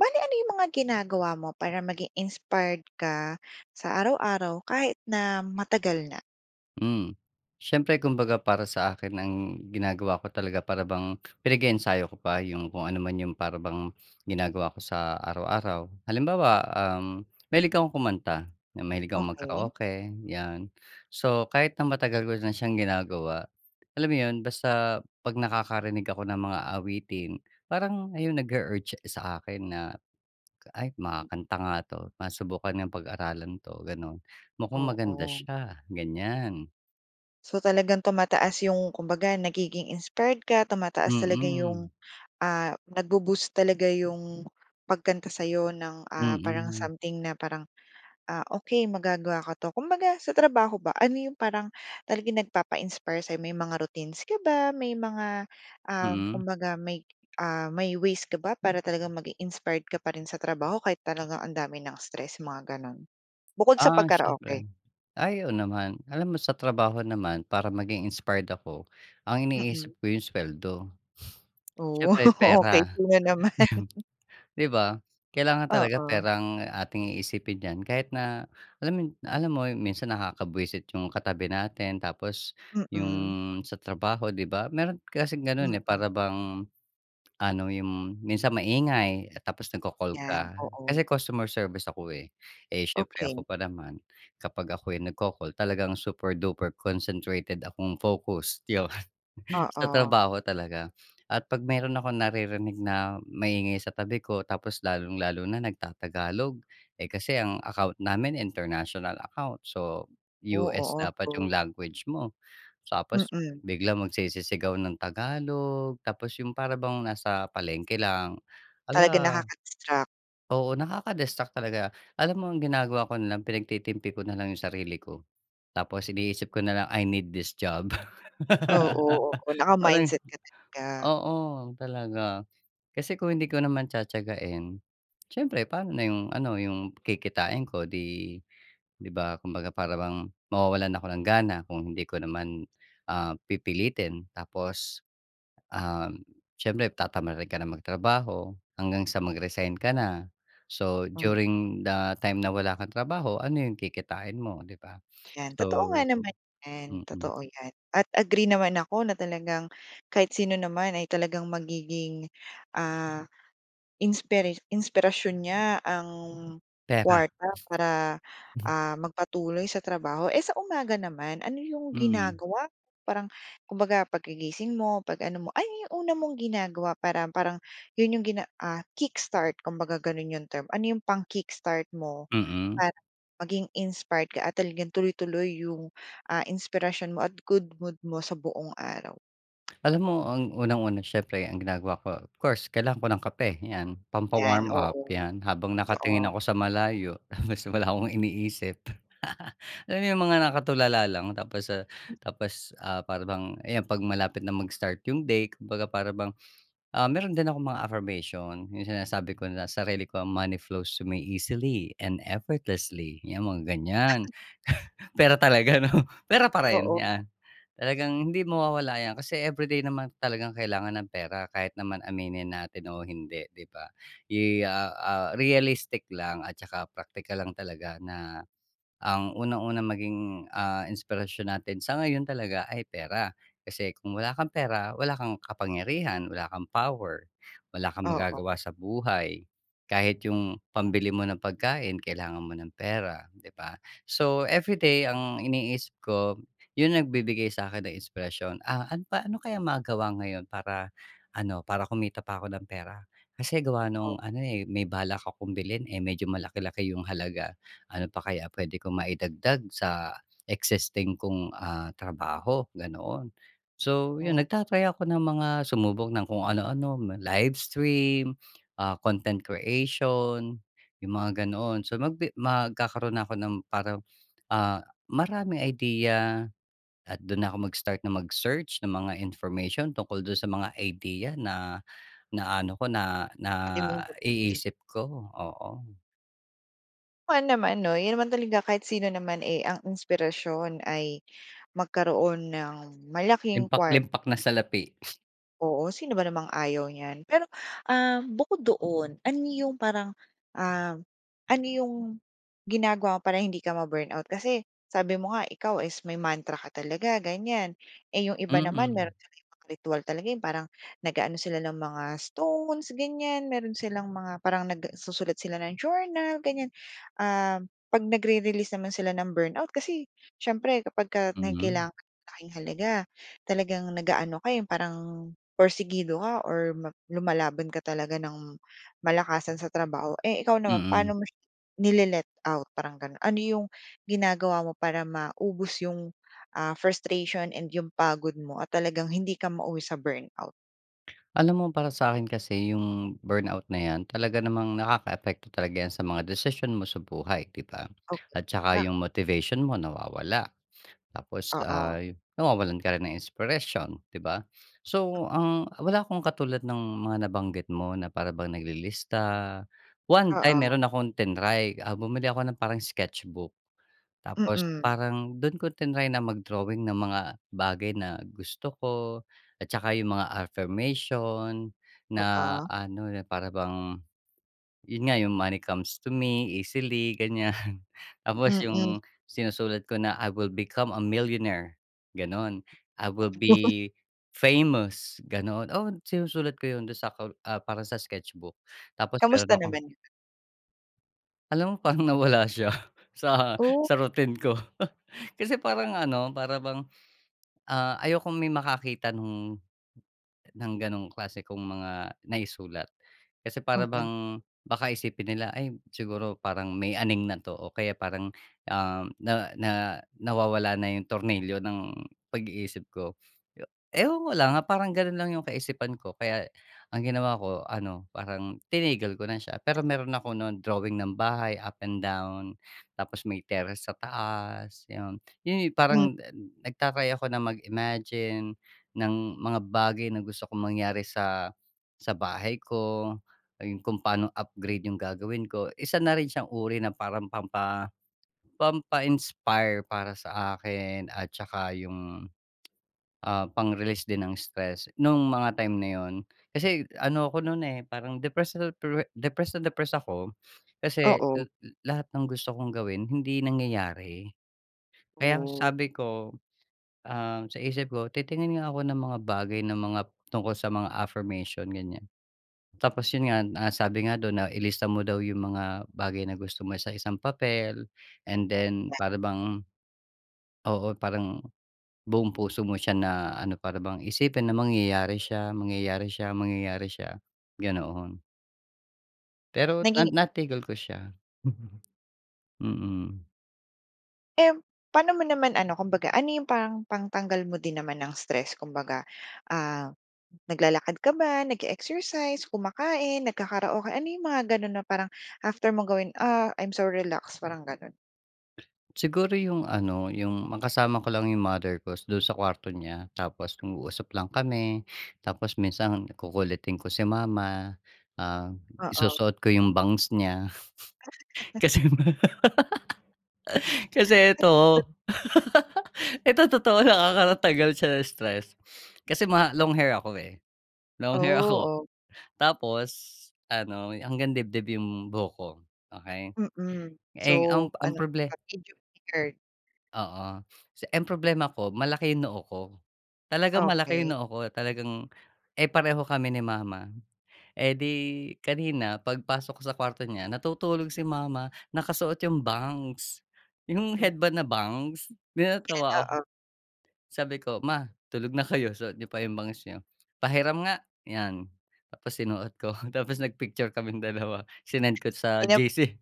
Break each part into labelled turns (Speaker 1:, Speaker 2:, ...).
Speaker 1: Bale ano yung mga ginagawa mo para maging inspired ka sa araw-araw kahit na matagal na?
Speaker 2: Hmm, siyempre kumbaga para sa akin ang ginagawa ko talaga para bang pinag-eensayo ko pa yung kung ano man yung para bang ginagawa ko sa araw-araw. Halimbawa, uhm, mahilig akong kumanta, mahilig akong
Speaker 1: Okey.
Speaker 2: mag-karaoke, yan. So kahit na matagal ko na siyang ginagawa, alam mo yun basta 'pag nakakarinig ako ng mga awitin, parang ayun nag-u-urge sa akin na, "Ay,
Speaker 1: [unintelligible]
Speaker 2: makakanta nga to, masubukan nga pag-aralan 'to." ganon. "Mukhang maganda
Speaker 1: Oo.
Speaker 2: siya." ganyan.
Speaker 1: So talagang tumataas yung kumbaga nagiging inspired ka, tumataas talaga
Speaker 2: Mm.
Speaker 1: yung, ah nag-bo-boost talaga yung pagkanta sa'yo ng, ah, parang
Speaker 2: Mm.
Speaker 1: something na parang, "Ah, okey magagawa ka 'to." Kumbaga sa trabaho ba, ano yung parang talagang nagpapa-inspire sa'yo? May mga routines ka ba? May mga, ah,
Speaker 2: Mm.
Speaker 1: kumbaga may, ah, may ways ka ba para talagang maging inspired ka pa rin sa trabaho kahit talagang ang dami ng stress, mga ganon? Bukod sa
Speaker 2: Ah, siyempre.
Speaker 1: pagkaraoke.
Speaker 2: Ay, oo naman. Alam mo sa trabaho naman para maging inspired ako, ang
Speaker 1: Mm.
Speaker 2: iniisip ko yung sweldo.
Speaker 1: Oh,
Speaker 2: Siyempre
Speaker 1: okey
Speaker 2: pera,
Speaker 1: sino naman?
Speaker 2: 'di di ba? Kailangan talaga
Speaker 1: Oo.
Speaker 2: pera ang ating iisipin diyan kahit na alam yu alam mo, minsan nakakabwisit yung katabi natin tapos yung
Speaker 1: Mm.
Speaker 2: sa trabaho, di ba? Meron kasing ganun, eh,
Speaker 1: Mm.
Speaker 2: para bang ano, yung minsan maingay tapos nagko-call
Speaker 1: Yan,
Speaker 2: ka. Kasi
Speaker 1: oo.
Speaker 2: customer service ako, eh. Eh, siyempre ako
Speaker 1: Okey.
Speaker 2: pa naman kapag ako'y nagko-call, talagang super-duper concentrated akong focus, yun. Sa
Speaker 1: Oo.
Speaker 2: trabaho talaga. At 'pag meron akong naririnig na maingay sa tabi ko tapos lalong-lalo na nagtatagalog, eh kasi ang account namin international account so
Speaker 1: Oh,
Speaker 2: US
Speaker 1: oo.
Speaker 2: dapat yung
Speaker 1: So
Speaker 2: language mo, tapos
Speaker 1: Mm.
Speaker 2: biglang magsisisigaw ng Tagalog, tapos yung para bang nasa palengke lang.
Speaker 1: Talagang
Speaker 2: Hala!
Speaker 1: nakaka-distract.
Speaker 2: Oo nakaka-distract talaga. Alam mo ang ginagawa ko na lang, pinagtitimpi ko nalang yung sarili ko, tapos iniisip ko na lang, "I need this job."
Speaker 1: Oo, oo.
Speaker 2: Parang
Speaker 1: Naka-mindset ka talaga.
Speaker 2: oo, talaga kasi kung hindi ko naman tiyatiyagahin, siyempre paano na yung ano yung kikitain ko di di ba? Kumbaga parang bang mawawalan ako ng gana kung hindi ko naman, um, pipilitin tapos, um, siyempre tatamarin ka nang magtrabaho hanggang sa mag-resign ka na. So
Speaker 1: Hmm.
Speaker 2: during the time na wala kang trabaho ano yung kikitain mo, di ba?
Speaker 1: Yan,
Speaker 2: So,
Speaker 1: totoo nga naman yan.
Speaker 2: mm.
Speaker 1: Totoo yan at agree naman ako na talagang kahit sino naman ay talagang magiging, ah, inspira inspirasyon niya ang
Speaker 2: Pera.
Speaker 1: kuwarta para, ah, magpatuloy sa trabaho. Eh, sa umaga naman, ano yung
Speaker 2: Hmm.
Speaker 1: ginagawa mo? Parang kumbaga pagkagising mo, 'pag ano mo, ano yung una mong ginagawa para parang yun yung gina ah, kickstart kumbaga gano'n 'yong term, ano 'yong pang-kickstart mo
Speaker 2: Mm.
Speaker 1: para maging inspired ka at talagang tuloy-tuloy 'yong, ah, inspirasyon mo at good mood mo sa buong araw?
Speaker 2: Alam mo, ang unang-una siyempre ang ginagawa ko, of course kailangan ko ng kape, ‘yan
Speaker 1: ‘Yan,
Speaker 2: pampa-warm up,
Speaker 1: oo.
Speaker 2: ‘yan habang nakatingin
Speaker 1: Totoo.
Speaker 2: ako sa malayo basta wala akong iniisip. Alam mo yung mga nakatulala lang, tapos ah, tapos ah, para bang, ayan ‘pag malapit na mag-start yung day, kumbaga para bang ah, meron din akong mga affirmation, yung sinasabi ko na sarili ko, “Money flows to me easily and effortlessly.” ‘Yan mga ganyan. Pera talaga ‘no? Pera pa rin,
Speaker 1: Oo.
Speaker 2: yan talagang hindi mawawala ‘yan kasi everyday naman talagang kailangan ng pera. Kahit naman aminin natin o hindi, ‘di ba? Yi ah ah, realistic lang at tsaka practical lang talaga na, ang unang-unang maging ah, inspirasyon natin sa ngayon talaga ay pera, kasi kung wala kang pera wala kang kapangyarihan, wala kang power, wala kang
Speaker 1: Oo.
Speaker 2: magagawa sa buhay. Kahit yung pambili mo ng pagkain, kailangan mo ng pera, ‘di ba? So, everyday ang iniisip ko yung nagbibigay sa'kin ng inspirasyon. "Ah, an pa ano kaya magawa ngayon para, ano para kumita pa ako ng pera, kasi gawa nung
Speaker 1: O
Speaker 2: ano eh, may balak akong bilhin eh, medyo malaki-laki yung halaga. Ano pa kaya pwede ko maidagdag sa existing kong ah, trabaho", ganoon. So yun
Speaker 1: Oh.
Speaker 2: nagta-try ako ng mga sumubok ng kung ano-ano. Live stream, ah, content creation, yung mga ganoon. So magbi magkakaroon na ako ng parang ah, maraming idea, at do’n na ako mag-start na mag-search ng mga information tungkol do’n sa mga idea na, na ano ko, na
Speaker 1: Puwede mong gamitin.
Speaker 2: naiisip ko, oo.
Speaker 1: Oo naman ‘no, yun naman talaga, kahit sino naman eh, ang inspirasyon ay magkaroon ng malaking kwart
Speaker 2: Limpak-limpak na salapi.
Speaker 1: Oo, sino ba namang ayaw niyan. Pero, ah, bukod doon, ano yung parang, ah, ano yung ginagawa mo para hindi ka ma-burnout? Kasi, sabi mo nga ikaw is may mantra ka talaga, ganyan, eh, yung iba naman
Speaker 2: Mm.
Speaker 1: meron silang ibang ritwal talaga. ‘Yong parang nag-aano sila ng mga stones, ganyan, meron silang mga parang nagsusulat sila ng journal, ganyan. Um, ‘pag nagre-release naman sila ng burnout kasi siyempre kapagka may
Speaker 2: Mhm.
Speaker 1: kailangan kang kitaing malaking halaga, talagang nag-aano ka eh, yung parang pursigido ka or ma lumalaban ka talaga nang malakasan sa trabaho. Eh, ikaw naman
Speaker 2: Mm.
Speaker 1: paano mo siya nile-let-out? Parang gano'n, ano 'yong ginagawa mo para maubos 'yong ah, frustration and 'yong pagod mo at talagang hindi ka mauwi sa burnout?
Speaker 2: Alam mo para sa'kin kasi, yung burnout na ‘yan talaga namang nakakaapekto talaga yan sa mga desisyon mo sa buhay ‘di ba?
Speaker 1: Okey,
Speaker 2: At saka
Speaker 1: bak
Speaker 2: yung motivation mo nawawala. Tapos
Speaker 1: Oo.
Speaker 2: ay, nawawalan ka rin ng inspiration, ‘di ba? So ang wala akong katulad ng mga nabanggit mo na para bang naglilista. One time,
Speaker 1: Oo.
Speaker 2: meron akong tinry ah, bumili ako ng parang sketch book. Tapos
Speaker 1: Mm.
Speaker 2: parang dun ko tinry na mag-drawing ng mga bagay na gusto ko, at saka yung mga affirmation na
Speaker 1: Oo.
Speaker 2: ano, na para bang, yun nga yung, "Money comes to me easily." ganyan. Tapos
Speaker 1: Mm.
Speaker 2: 'yong sinusulat ko na, "I will become a millionaire!" "gano'n, "I will
Speaker 1: Oh.
Speaker 2: be, famous." ganoon. Oo, sinusulat ko 'yon, do'n sa kol ah, parang sa sketch book. Tapos meron
Speaker 1: Kamusta
Speaker 2: akong
Speaker 1: naman yun?
Speaker 2: Alam mo parang nawala siya sa
Speaker 1: Oh?
Speaker 2: sa routine ko. Kasi parang ano, para bang, ah, ayokong may makakita nung ng gano'ng klase kong mga naisulat. Kasi para
Speaker 1: Mm.
Speaker 2: bang baka isipin nila, ay siguro parang may aning na 'to o kaya parang, ah, na na nawawala na yung tornilyo ng pag-iisip ko. E ewan ko lang, ah, parang ganun lang yung kaisipan ko, kaya ang ginawa ko ano, parang tinigil ko na siya. Pero meron ako nu'n drawing ng bahay up and down Tapos may terrace sa taas 'yon. 'Yon 'yong
Speaker 1: Hmm.
Speaker 2: parang nagta-try ako na mag-imagine ng mga bagay na gusto kong mangyari sa, sa bahay ko. Ayun kung paano upgrade yung gagawin ko, isa na rin siyang uri na parang pampa pampa-inspire para sa akin at 'tsaka yung, ah, pang-release din ng stress, nung mga time na 'yon. Kasi ano ako no'n, eh, parang depressed na-depre depressed na depress ako, kasi
Speaker 1: Oo.
Speaker 2: la lahat ng gusto kong gawin hindi nangyayari. Kaya
Speaker 1: Oh.
Speaker 2: sabi ko, ah, sa isip ko, "Titingin nga ako ng mga bagay na mga tungkol sa mga affirmation," ganyan. Tapos 'yon nga na sabi nga do'n na ilista mo daw yung mga bagay na gusto mo sa isang papel and then para bang Oo, parang buong puso mo siya na ano, para bang isipin na mangyayari siya, mangyayari siya, mangyayari siya, ganoon. Pero na
Speaker 1: Naging
Speaker 2: natigil ko siya. Mm.
Speaker 1: Um, pano mo naman ano kumbaga ano 'yong parang pangtanggal mo din naman ng stress kumbaga, ah, naglalakad ka ba nag-eexercise kumakain nagkakaraoke ano 'yong mga ganun na parang after mong gawin, ah, I'm so relaxed parang ganon?
Speaker 2: Siguro yung ano yung makasama ko lang yung mother ko dun sa kwarto niya, tapos nag-uusap lang kami. Tapos minsan kukulitin ko si mama, ah,
Speaker 1: Oo.
Speaker 2: isusuot ko yung bangs niya. Kasi yung ma kasi eto eto totoo lang, ah ,nakakatanggal siya ng stress. Kasi ma long hair ako eh,
Speaker 1: Oh,
Speaker 2: long hair ako
Speaker 1: o.
Speaker 2: tapos ano hanggang dibdib yung buhok ko, okey.
Speaker 1: Mm,
Speaker 2: Eh, ang
Speaker 1: so
Speaker 2: ang
Speaker 1: ano,
Speaker 2: proble
Speaker 1: happy jupi earth. [unintelligible]
Speaker 2: Oo. Si ang problema ko malaki yung noo ko talagang malaki
Speaker 1: Okey.
Speaker 2: noo ko talagang eh, pareho kami ni mama. Eh, di kanina 'pag pasok ko sa kuwarto niya natutulog si mama nakasuot 'yong bangs 'yong
Speaker 1: Hmm.
Speaker 2: headband na bangs 'di
Speaker 1: [unintelligible]
Speaker 2: natawa ako.
Speaker 1: Oo.
Speaker 2: Sabi ko ma tulog na kayo suot niyo pa yung bangs nyo pahiram nga. 'Yan tapos sinuot ko tapos nag-picture kaming dalawa sinend ko sa
Speaker 1: Inop
Speaker 2: GC.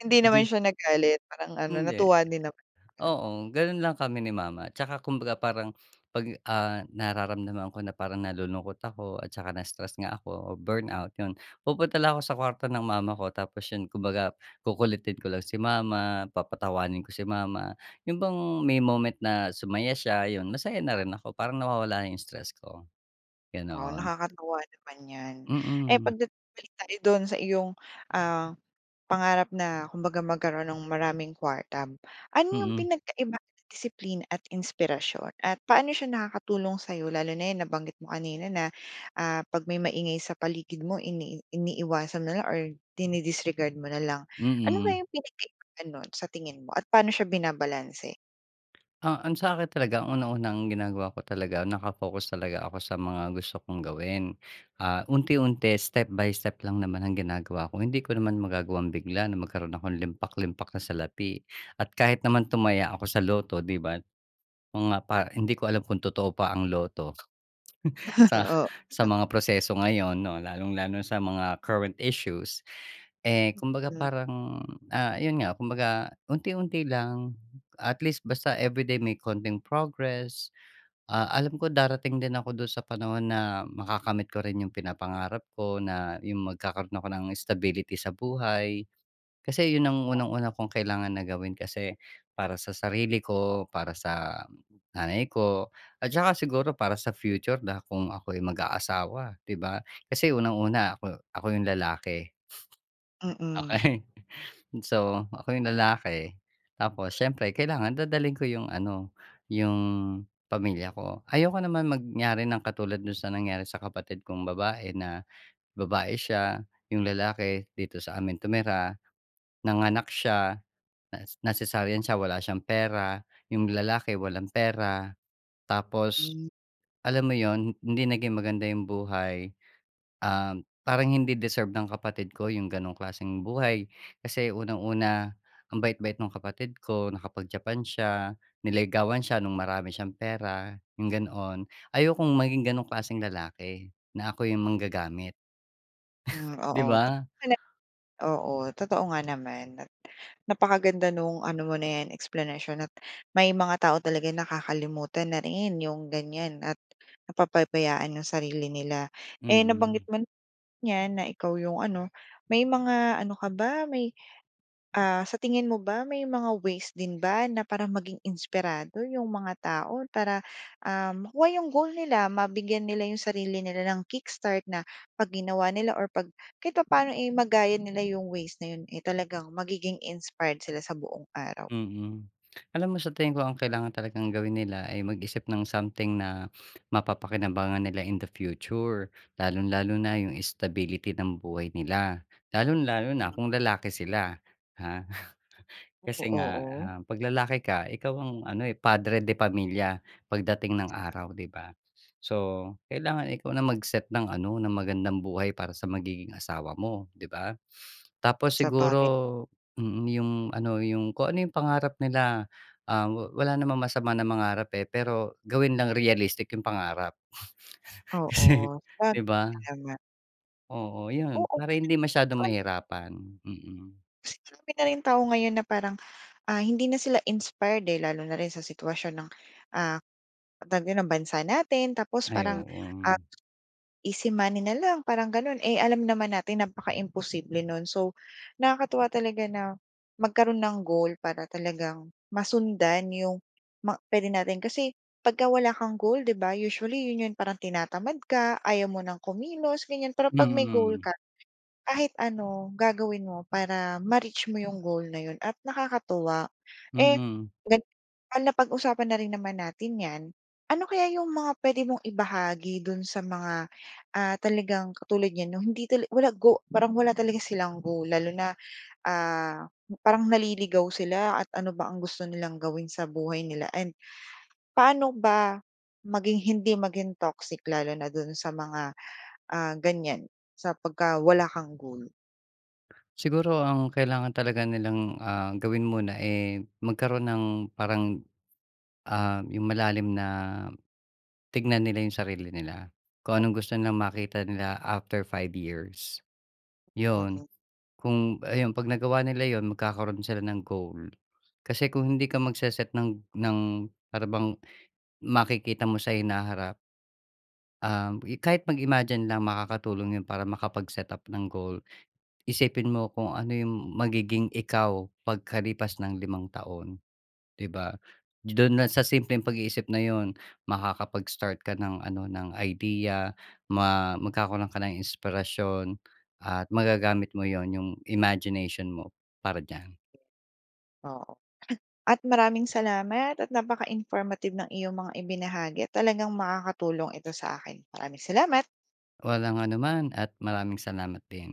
Speaker 1: Hindi naman
Speaker 2: G.
Speaker 1: siya nagalit parang ano
Speaker 2: Hindi.
Speaker 1: natuwa din naman?
Speaker 2: Oo, gano'n lang kami ni mama tsaka kumbaga parang 'pag, ah, nararamdaman ko na parang nalulungkot ako at tsaka na-stress nga ako o burn out 'yon pupunta lang ako sa kwarto ng mama ko tapos 'yon kumbaga kukulitin ko lang si mama papatawanin ko si mama. Yun bang may moment na sumaya siya 'yon masaya na rin ako parang nawawala na 'yong stress ko,
Speaker 1: Oo
Speaker 2: ganon.
Speaker 1: nakakatawa naman 'yan. Eh
Speaker 2: Mm.
Speaker 1: 'pag dat balik tayo do'n sa iyong, ah, pangarap na kumbaga magkaroon ng maraming kuwarta. Ano 'yong
Speaker 2: Mm.
Speaker 1: pinagkaiba ng disiplina at inspirasyon at paano siya nakakatulong sa'yo lalo na yan nabanggit mo kanina na, ah, 'pag may maingay sa paligid mo ini iniiwasan mo na lang or dini disregard mo na lang. Ano
Speaker 2: Mm.
Speaker 1: kayang pinagkaiba nun sa tingin mo at paano siya binabalanse?
Speaker 2: Ah, ang sa akin talaga ang una-unang ginagawa ko talaga nakafocus talaga ako sa mga gusto kong gawin. Ah, unti-unti step by step lang naman ang ginagawa ko. Hindi ko naman magagawang bigla na magkaroon akong limpak limpak na salapi. At kahit naman tumaya ako sa lotto, 'di ba? Mga pa hindi ko alam kung totoo pa ang lotto sa
Speaker 1: Oh.
Speaker 2: sa mga proseso ngayon 'no lalong-lalo sa mga current issues. Eh, kumbaga
Speaker 1: Mm.
Speaker 2: parang ah, 'yon nga kumbaga unti-unti lang. At least basta everyday may konting progress. Ah, alam ko darating din ako doon sa panahon na makakamit ko rin'yong pinapangarap ko na 'yong magkakaroon ako ng stability sa buhay. Kasi 'yon ang
Speaker 1: Oh.
Speaker 2: unang una kong kailangan na gawin kasi para sa sarili ko, para sa nanay ko at tsaka siguro para sa future na kung ako'y mag-aasawa, 'di ba? Kasi unang-una ako ako yung lalaki.
Speaker 1: Mm.
Speaker 2: Okey. So, ako yung lalaki, tapos siyempre kailangan dadalhin ko 'yong ano 'yong pamilya ko. Ayoko naman mangyari ng katulad do'n sa nangyari sa kapatid kong babae na, babae siya 'yong lalaki dito sa amin tumira. Nanganak siya nas na cesarean siya. Wala siyang pera. 'Yong lalaki walang pera. Tapos
Speaker 1: Hmm.
Speaker 2: alam mo 'yon hindi naging maganda 'yong buhay. Um, parang hindi deserve ng kapatid ko 'yong ganong klaseng buhay. Kasi unang-una ang bait-bait no'ng kapatid ko. Nakapag Japan siya. Niligawan siya no'ng marami siyang pera. 'Yong ganoon. Ayokong maging ganong klaseng lalaki. Na ako'y manggagamit.
Speaker 1: Hmm,
Speaker 2: Di
Speaker 1: oo.
Speaker 2: ba?
Speaker 1: [unintelligible] Oo, totoo nga naman at napakaganda no'ng ano mo na 'yan eksplanasyon at may mga tao talaga nakakalimutan na rin 'yong ganyan at napapabayaan 'yong sarili nila. Eh
Speaker 2: Mm.
Speaker 1: nabanggit mo na 'yan na ikaw 'yong ano. May mga ano ka ba? May, ah, sa tingin mo ba may mga ways din ba na para maging inspirado 'yong mga tao? Para, ah, makuha 'yong goal nila. Mabigyan nila 'yong sarili nila nang kick-start na 'pag ginawa nila or 'pag kahit papaano eh magaya nila 'yong ways na 'yon. Eh talagang magiging inspired sila sa buong araw.
Speaker 2: Mm. Alam mo sa tingin ko ang kailangan talagang gawin nila ay mag-isip ng something na mapapakinabangan nila in the future. Lalong-lalo na 'yong stability ng buhay nila. Lalong-lalo na kung lalaki sila, ha.
Speaker 1: Oh,
Speaker 2: Kasi nga,
Speaker 1: oo.
Speaker 2: um, 'pag lalaki ka ikaw ang ano eh, padre de pamilya pagdating ng araw, 'di ba? So kailangan ikaw na mag-set ng ano ng magandang buhay para sa magiging asawa mo, 'di ba? Tapos siguro,
Speaker 1: Sabagay.
Speaker 2: mm, 'yong ano 'yong kung ano 'yong pangarap nila. Ah wala namang masama na mangarap eh pero gawin lang realistic 'yong pangarap. Kasi,
Speaker 1: Oo.
Speaker 2: 'di ba?
Speaker 1: Kaya nga.
Speaker 2: Oo, 'yon
Speaker 1: Oo.
Speaker 2: para hindi masyadong
Speaker 1: [unintelligible]
Speaker 2: mahirapan. Mm.
Speaker 1: Kasi andami na rin tao ngayon na parang, ah, hindi na sila inspired eh. Lalo na rin sa sitwasyon ng, ah, tawag dito ng bansa natin. Tapos
Speaker 2: Ay
Speaker 1: parang, ah,
Speaker 2: oo.
Speaker 1: easy money na lang parang gano'n. Eh alam naman natin napaka-imposible no'n. So nakakatuwa talaga na magkaroon ng goal para talagang masundan 'yong ma puwede natin kasi pagka wala kang goal 'di ba? Usually 'yon 'yon parang tinatamad ka. Ayaw mo nang kumilos ganyan pero 'pag may goal
Speaker 2: Mm.
Speaker 1: ka kahit ano gagawin mo para ma-reach mo 'yong goal na 'yon at nakakatuwa. Eh,
Speaker 2: Mhm.
Speaker 1: gan napag-usapan na rin naman natin 'yan, ano kaya 'yong mga puwede mong ibahagi do'n sa mga, ah, talagang katulad niyan 'no hindi talaga walang go parang wala talaga silang goal. Lalo na, ah, parang naliligaw sila at ano ba ang gusto nilang gawin sa buhay nila and paano ba maging hindi maging toxic lalo na do'n sa mga, ah, ganyan sa pagka wala kang goal?
Speaker 2: Siguro ang kailangan talaga nilang, ah, gawin muna eh, magkaroon ng parang, ah, yung malalim na tignan nila yung sarili nila, kung anong gusto nilang makita nila after 5 years. 'Yon,
Speaker 1: Mm.
Speaker 2: kung ayon ‘pag nagawa nila 'yon magkakaroon sila ng goal. Kasi kung hindi ka magse-set ng ng para bang makikita mo sa hinaharap um i kahit mag-imagine lang makakatulong yun para makapag-setup ng goal. Isipin mo kung ano yung magiging ikaw pagkalipas ng limang taon, 'di ba? Do'n lang sa simpleng pag-iisip na yun, makakapag-start ka ng ano ng idea, ma magkakaroon ka ng inspirasyon at magagamit mo 'yon yung imagination mo para diyan.
Speaker 1: Oo. At maraming salamat at napaka-informative ng iyong mga ibinahagi at talagang makakatulong ito sa akin. Maraming salamat!
Speaker 2: Walang anuman at maraming salamat din.